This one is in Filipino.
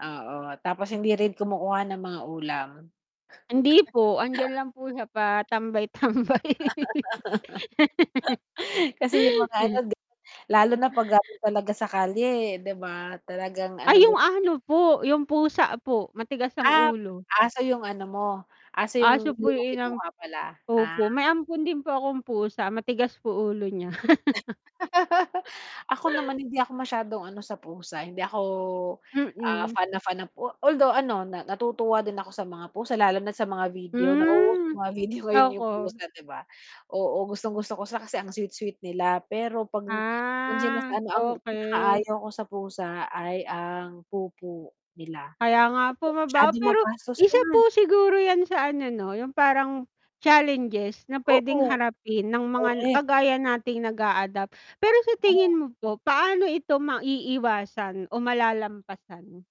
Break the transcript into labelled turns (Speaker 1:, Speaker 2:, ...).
Speaker 1: Oo, tapos hindi rin kumukuha ng mga ulam.
Speaker 2: Hindi po. Andiyan lang po siya patambay-tambay.
Speaker 1: Kasi 'yong mga ano, 'di ba, lalo na 'pag galing talaga sa kalye, 'di ba, talagang ano
Speaker 2: Ay, 'yong
Speaker 1: din
Speaker 2: ano po, 'yong pusa po, matigas ang
Speaker 1: Ah,
Speaker 2: ulo.
Speaker 1: aso 'yong ano mo, aso
Speaker 2: Aso
Speaker 1: 'yong
Speaker 2: po
Speaker 1: hindi mo
Speaker 2: 'yong inam
Speaker 1: kinuha pala, ah.
Speaker 2: opo, may ampon din po akong pusa, matigas po ulo niya.
Speaker 1: Ako naman hindi ako masyadong ano sa pusa, hindi ako, ah,
Speaker 2: Mm.
Speaker 1: fan na fan ng pu o although ano, na natutuwa din ako sa mga pusa lalo na't sa mga video na oo,
Speaker 2: Hmm.
Speaker 1: may mga video ngayon 'yong
Speaker 2: Ako
Speaker 1: pusa, 'di ba? Oo, gustong-gusto ko sa kasi ang sweet-sweet nila. Pero 'pag ang nandiyan na sa
Speaker 2: Ah,
Speaker 1: ano, ang
Speaker 2: okey.
Speaker 1: pinakaayaw ko sa pusa ay ang pupu nila.
Speaker 2: Kaya nga po,
Speaker 1: Tapos
Speaker 2: mabaho.
Speaker 1: masyadong
Speaker 2: Pero
Speaker 1: magastos
Speaker 2: isa
Speaker 1: 'yan.
Speaker 2: po siguro 'yan sa ano 'no, 'yong parang challenges na puwedeng
Speaker 1: Oo.
Speaker 2: harapin ng mga n
Speaker 1: Correct.
Speaker 2: kagaya nating nag-a-adopt. Pero sa tingin
Speaker 1: Oo.
Speaker 2: mo po paano ito maiiwasan o malalampasan?